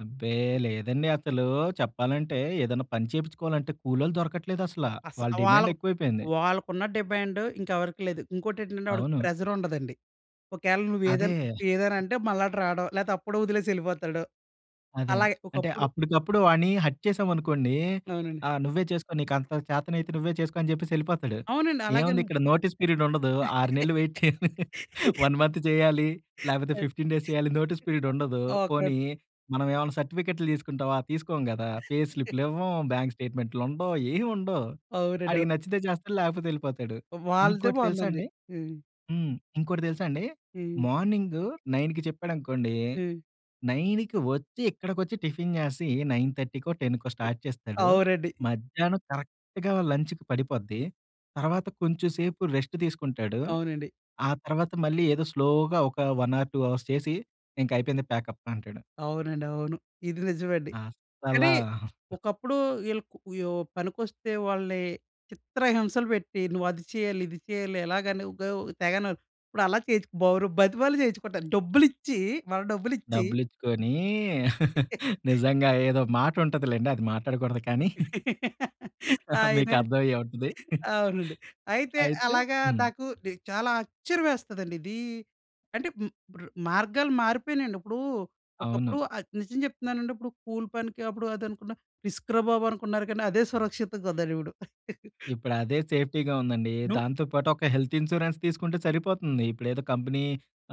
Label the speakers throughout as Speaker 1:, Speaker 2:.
Speaker 1: అబ్బే! లేదండి అసలు చెప్పాలంటే ఏదైనా పని చేపించుకోవాలంటే కూలోలు దొరకట్లేదసల.
Speaker 2: అస
Speaker 1: వాళ్ళ డిమాండ్
Speaker 2: వాళ్ళకు
Speaker 1: ఎక్కువైపోయింది.
Speaker 2: వాళ్ళకున్న డిమాండ్ ఇంకెవరికి లేదు. ఇంకోటి ఏంటంటే ఆడికి
Speaker 1: అవును.
Speaker 2: ప్రెషర్ ఉండదండి. ఒకవేళ
Speaker 1: అదే.
Speaker 2: నువ్వేదైన్ ఏదైనా అంటే మళ్ళా అటు రావడం లేకపోతే అప్పుడు వదిలేసి ఎళ్ళిపోతాడు.
Speaker 1: అదే.
Speaker 2: అలాగే
Speaker 1: అంటే
Speaker 2: ఒకప్పుడు
Speaker 1: అప్పడుకప్పుడు వాడిని హర్ట్ చేసామనుకోండి.
Speaker 2: అవునండి.
Speaker 1: ఆ "నువ్వే చేసుకో నీకంత చేతనైతే నువ్వే చేసుకో." అని చెప్పేసి యెళ్ళిపోతాడు.
Speaker 2: అవునండి.
Speaker 1: ఏముంది
Speaker 2: అలగనె.
Speaker 1: ఇక్కడ నోటీస్ పీరియడ్ ఉండదు. 6 నెలలు వెయిట్ చేయలి, 1 మంత్ చేయాలి. లేకపోతే 15 డేస్ చేయాలి నోటీస్ పీరియడ్ ఉండదు.
Speaker 2: ఓకే.
Speaker 1: పోనీ మనమేమన్నా సర్టిఫికేటులు తీసుకుంటావా తీసుకోం గదా! పే స్లిపులు ఇవ్వం, బ్యాంకు స్టేట్‌మెంటులుండవు. ఏయి ఉండవు.
Speaker 2: అవునండి.
Speaker 1: ఆడికి
Speaker 2: అవు
Speaker 1: నచ్చితే జేస్తాడు, లేకపోతే యెళ్ళిపోతాడు.
Speaker 2: వాలదె
Speaker 1: ఇంకోటి తెలుసా
Speaker 2: బావుందండి.
Speaker 1: అండి
Speaker 2: హ్మ్.
Speaker 1: హ్మ్. ఇంకోటి తెలుసా అండి?
Speaker 2: హ్మ్.
Speaker 1: మార్నింగ్ 9కి చెప్పాడనుకోండి
Speaker 2: హ్మ్.
Speaker 1: 9కి వచ్చి, ఇక్కడికొచ్చి టిఫిను జేసి, 9:30కో 10కో స్టార్ట్ చేస్తాడు.
Speaker 2: అవునండి.
Speaker 1: మధ్యాహ్నం కరెక్ట్‌గా లంచ్‌కి పడిపోద్ది. తర్వాత కొంచెం సేపు రెస్టు తీసుకుంటాడు.
Speaker 2: అవునండి.
Speaker 1: ఆ తర్వాత మళ్ళీ ఏదో స్లోగా ఒక 1 ఆర్ 2 అవర్స్ చేసి, ఇంకయిపోంది ప్యాకప్ అంటాడు.
Speaker 2: అవునండి. అవును. ఇది నిజమండి.
Speaker 1: అసలా.
Speaker 2: కానీ ఒకప్పుడు వీళ్ళు యొ పనికొస్తే వాళ్ళని చిత్రహింసలు పెట్టి, నువ్వు అది చేయాలి, ఇది చేయాలి ఎలాగని ఉగ తెగన ఇప్పుడు అలా చేయించి, బరు బతిమాలి చేయించుకుంటారు. డబ్బులిచ్చి మన డబ్బులిచ్చి
Speaker 1: డబ్బులిచ్చుకొని నిజంగా ఏదో మాట ఉంటదిలెండి అది మాట్లాడకూడదు కానీ,
Speaker 2: ఆయనే
Speaker 1: మీకర్థమయ్యే ఉంటది.
Speaker 2: అవునండి. అయితే
Speaker 1: అయితే
Speaker 2: అలాగా
Speaker 1: హ్మ్.
Speaker 2: నాకు నె చాలా ఆశ్చర్యం యేస్తదండి. ఇది అంటే హ్మ్. ఇప్పుడు మార్గాలు మారిపెయినాయండి. ఇప్పుడు
Speaker 1: అవును.
Speaker 2: ఒకప్పుడు అది నిజం చెప్తున్నానండి ఇప్పుడు కూలి పనికి అప్పుడు అనుకున్నా రిస్కురా బాబు అనుకున్నారు. గానీ అదే సురక్షితం‌గా ఉందిప్పుడు.
Speaker 1: ఇప్పుడు అదే సేఫ్టీగా ఉందండి.
Speaker 2: నువ్
Speaker 1: దాంతో పాటు ఒక హెల్త్ ఇన్స్‌రెన్స్ తీసుకుంటే సరిపోతుంది. ఇప్పుడేదో కంపెనీ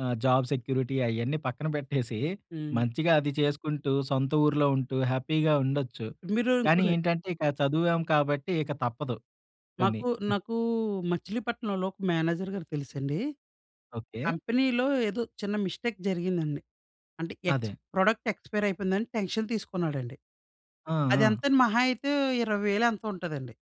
Speaker 1: ఆహ్, జాబ్ సెక్యూరిటీ అయన్నీ పక్కన పెట్టేసి
Speaker 2: హ్మ్.
Speaker 1: మంచిగా అది చేసుకుంటూ సొంత ఊర్లో ఉంటూ హ్యాపీగా ఉండొచ్చు.
Speaker 2: మీరు
Speaker 1: కానీ
Speaker 2: ఇంకొటి
Speaker 1: ఏంటంటే ఇక చదివాం కాబట్టి ఇక తప్పదు కొన్ని.
Speaker 2: మాకు నాకు మచిలీపట్నంలో ఒక మేనేజరు గారు తెలుసండి.
Speaker 1: ఓకే.
Speaker 2: కంపెనీలో ఏదో చిన్న మిస్టేక్ జరిగిందండి. అంటే ఎక్స్
Speaker 1: అదే.
Speaker 2: ప్రొడక్ట్ ఎక్స్‌పైర్ అయిపోయిందని టెన్షన్ తీసుకున్నాడండి.
Speaker 1: ఆ! ఆ!
Speaker 2: అదెంతని మహా అయితే 20,000 ఎంతో ఉంటదండి.